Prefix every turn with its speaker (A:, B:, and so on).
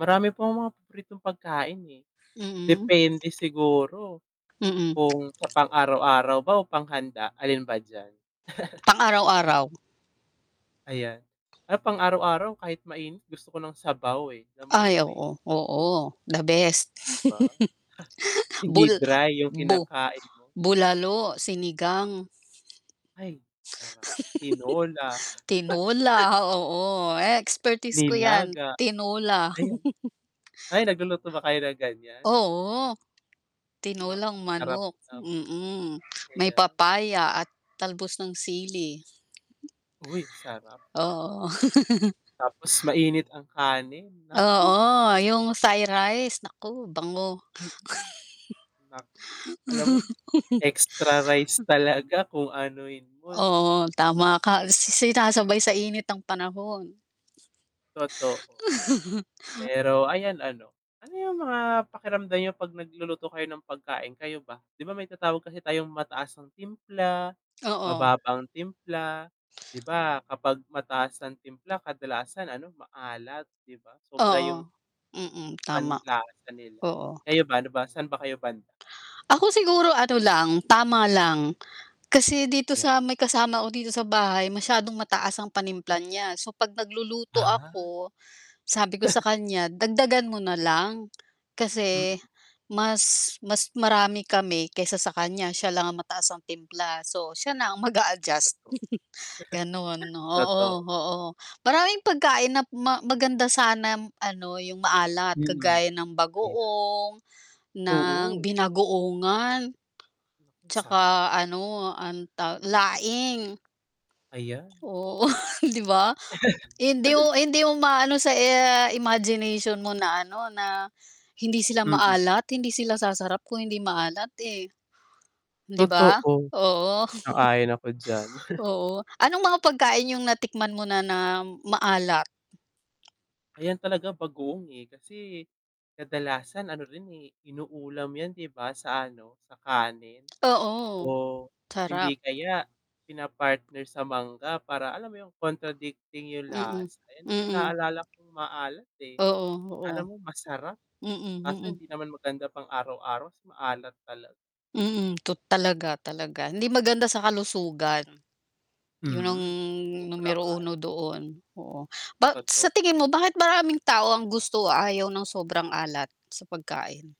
A: Marami pang mga paboritong pagkain, eh.
B: Mm.
A: Depende siguro,
B: Mm.
A: kung sa pang araw-araw ba o panghanda alin ba d'yan?
B: Pang-araw-araw.
A: Ayan. Ah, pang araw-araw kahit mainit gusto ko ng sabaw, eh, alam mo
B: Ay,
A: yon'? May
B: oo,
A: mahihigop.
B: oo the best.
A: Di ba? Hindi
B: bul
A: dry yung
B: bu
A: kinakain mo.
B: bulalo, sinigang
A: Ay, parang tinola.
B: Tinola, oo. Eh, expertise ko 'yan.
A: Nilaga.
B: Tinola.
A: Ayun ay nagluluto ba kayo ng ganiyan?
B: Oo. Tinolang
A: Napakasarap
B: manok,
A: naman.
B: mm. May
A: Ayan.
B: papaya at talbos ng sili.
A: Uy, sarap.
B: Oo.
A: Tapos mainit ang kanin, naku!
B: Oo, yung Thai rice, naku bango.
A: Mm. Nako, alam mo yun, extra rice talaga kung anuhin mo 'no.
B: Oo, tama ka. Si sinasabay sa init ng panahon.
A: Totoo. Pero ayan ano, ano yung mga pakiramdam niyo 'pag nagluluto kayo ng pagkain, kayo ba? Di ba may tinatawag kasi tayong mataas ang timpla,
B: Oo.
A: mababa ang timpla. Di ba kapag mataas ang timpla kadalasan ano maalat di ba sobra
B: Oo,
A: yung
B: mm tama.
A: panlasa nila.
B: Oo.
A: Kayo ba, ano ba, saan ba kayo banda?
B: Ako siguro ano lang, tama lang. Kasi dito
A: Yan.
B: sa may kasama ko dito sa bahay, masyadong mataas ang panimpla niya. So 'pag magluluto
A: Ah.
B: ako, sabi ko sa kanya dagdagan mo nalang,
A: Mm.
B: kasi mas mas marami kami kaysa sa kanya siya lang ang mataas ang timpla so siya na ang
A: Totoo.
B: mag-a-adjust, ganun. Oo,
A: Totoo.
B: oo. Maraming pagkain nap ma maganda sana ano yung maalat
A: Mm.
B: kagaya ng
A: Ayan.
B: bagoong, ng
A: Oo.
B: binagoongan.
A: Sarap.
B: Tsaka ano ang ta laing.
A: Ayan.
B: Oo, di ba? Hindi u hindi umaano sa, eh, imagination mo na ano na hindi sila
A: Mm.
B: maalat, hindi sila sasarap kung hindi maalat, eh. Di ba?
A: Totoo,
B: Oo.
A: sang-ayon ako d'yan.
B: Oo. Anong mga pagkain yung natikman mo na na maalat?
A: Ayan talaga bagoong, eh. Kasi, kadalasan ano rin, eh, inuulam yan di ba sa ano, sa kanin.
B: Oo,
A: O,
B: sarap.
A: hindi kaya pina-partner sa mangga para alam mo yung contradicting yung
B: Mm.
A: lasa, ayan din yung
B: Mm.
A: naalala kong maalat, eh.
B: Oo, oo.
A: Alam mong masarap
B: Mm,
A: kaso
B: mm.
A: hindi naman maganda pang araw-araw kasi maalat talaga.
B: Mm, tot talaga, talaga hindi maganda sa kalusugan. 'Yon ang
A: Mhm. Sobrang
B: numero
A: alat.
B: uno doon. Oo. Ba sa
A: Totoo.
B: tingin mo bakit maraming tao ang gusto o ayaw ng sobrang alat sa pagkain?